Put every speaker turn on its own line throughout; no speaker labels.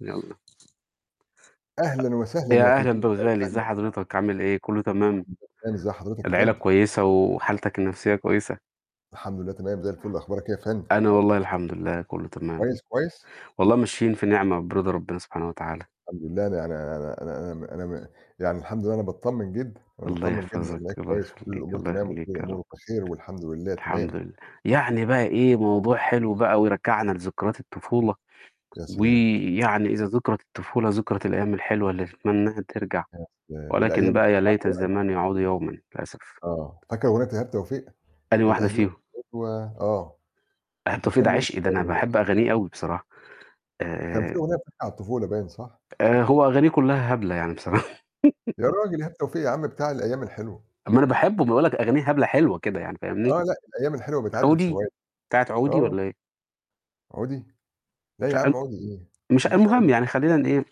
يالّا. أ
أهلًا وسهلًا، يا
يا أهلًا
تلتمية ألف
بالغالي،
أهلًا
إزّي
وسهلًا.
حضرتك عامل إيه كلّه تمام؟
الحمد لله إزّي حضرتك يا
العيلة
فندم؟
كويسة وحالتك النفسية كويسة؟
الحمد لله تمام زي الفُل، أخبارك إيه يا فندم؟
أنا والله الحمد لله كلّه تمام.
كويس، كويس؟
والله ماشيين في نعمة وبرضى ربّنا سبحانه وتعالى.
الحمد لله، يعني أنا أنا أنا م أنا م يعني الحمد لله أنا باطمّن جدًا، أنا
الله
متطمّن جدًا
يحفظك، الله
كويس وكلّ
يخلّيك،
الأمور
الله
تمام وكلّ
يخلّيك يا رب.
الأمور بخير والحمد لله تمام.
الحمد لله. يعني بقى إيه،
[unintelligible]
موضوع حلو بقى ويرجّعنا لذكرات الطفولة،
يا سلام!
ويعني إذا ذُكِرَت الطفولة ذُكِرَت الأيام الحلوة اللي نتمناها ترجع،
يا سلام،
ولكن
الأيام
بقى يا ليت الزمان يعود
[unintelligible]
يومًا للأسف.
آه، فاكر أغنية إيهاب توفيق؟
أنهي واحدة
الأيام
فيهم؟
حلوه آه،
ايهاب
مش
توفيق
كان
ده
بيقول
عشقي،
[unintelligible]
ده أنا
والّا إيه؟
باحب أغانيه أوي بصراحة.
كان في
آآ
أغنية بتحكي عن الطفولة باين صح؟
آآ، هو أغانيه كلّها هبلة يعني بصراحة.
يا راجل إيهاب توفيق يا عم بتاع الأيام الحلوة.
ما أنا باحبه، باقول لك أغانيه هبلة حلوة كده يعني فاهمني؟
آه لأ، الأيام الحلوة بتعدّي في
عودي،
ثواني،
بتاعة عودي
آه.
والّا إيه؟
عودي؟ لا يا عم
[unintelligible]
عودي إيه،
مش
ما فيش عو
المهم يعني خلّينا ن إيه،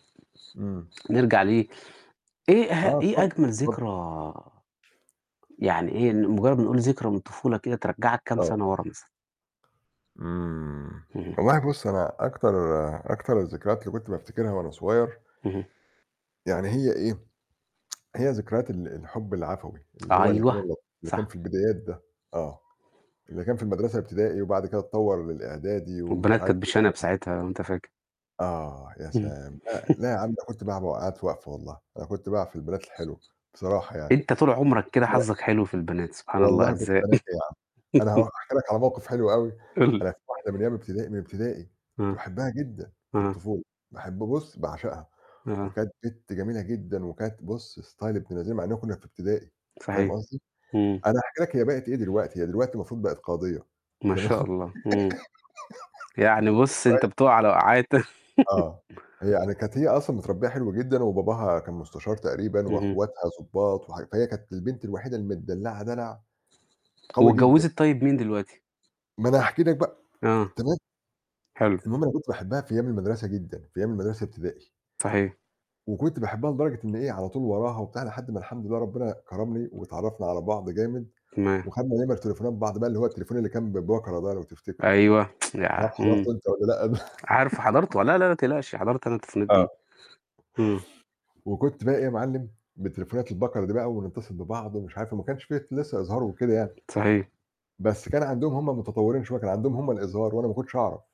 إمم.
نرجع ل إيه اه
آه،
إيه
اتفضّل،
أجمل
اتفضّل.
ذكرى يعني إيه، مُجرّد نقول ذكرى من الطفولة كده ترجّعك كام
آه.
سَنة وَرا مثلًا؟
إمم،
اهم.
والله بُصّ، أنا أكتر أكتر الذكرات اللي كنت بافتكرها وأنا صغيّر
اهم.
يعني هي إيه، هي ذكريات ال الحب العفوي، اللي هو اللي كان
أيوه،
[unintelligible] اللي كان
صح.
في البدايات ده، آه، اللي كان في المدرسة الابتدائي وبعد كده اتطوّر للإعدادي ومش
والبنات
عارف
كانت بشَنَب
[unintelligible]
ساعتها لو أنت فاكر.
آه، يا
إمم.
سلام، لأ، لأ يا عم أنا كنت [unintelligible] والله، أنا كنت باقع في البنات الحلوة، بصراحة يعني.
أنت طول عمرك كده
[unintelligible]
حظّك حلو في البنات، سبحان الله
والله كنت
أرزاق.
بانقّي يا عم، أنا هاحكي لك على موقف حلو أوي، أنا في
[unintelligible]
واحدة من أيام ابتدائي من ابتدائي كنت
آه.
باحبها جدًا في
آه.
الطفولة، باحب بُصّ باعشقها،
أها.
وكانت بِت جميلة جدًا وكانت بُصّ ستايل ابن لذينة مع إن كنّا في ابتدائي فاهم
صحيح،
قصدي،
إمم.
أنا هاحكي لك هي بقِت إيه دلوقتي، هي دلوقتي المفروض بقِت قاضية
ما شاء
تمام؟
الله، إمم. يعني بُصّ أنت
[unintelligible]
بتقع على وقعات.
آه، هي يعني كانت هي أصلًا متربّية حلو جدًا وباباها كان مستشار تقريبًا
اهم.
وأخواتها ضبّاط وح فهي كانت البنت الوحيدة المتدلّعة دلع، قوي جدًا.
واتجوِّزت طيب مين دلوقتي؟
ما أنا هاحكي لك بقى،
آه.
تمام،
حلو.
المهم أنا كنت باحبها في أيام المدرسة جدًا، في أيام المدرسة ابتدائي.
صحيح.
وكنت باحبها لدرجة إن إيه، على طول وراها وبتاع لحد ما الحمد لله ربّنا كرمني واتعرّفنا على بعض جامد،
تمام.
وخدنا نمَر تليفونات بعض اللي هو التليفون اللي كان ببَكَرة ده لو تفتكره،
أيوه،
مش عارف
إمم.
حضرته أنت والّا لأ.
عارفه حضرته لا، لا، لا، ما تقلقش حضرت أنا [unintelligible]
آه.
دي. إمم.
وكنت بقي إيه يا معلِّم، بتليفونات البَكَرة دي بقى ونتصل ببعض ومش عارف وما كانش في لسّه إظهار وكده يعني،
صحيح.
بس كان عندهم هُم متطوّرين شوية كان عندهم هُم الإظهار وأنا ما كنتش أعرف.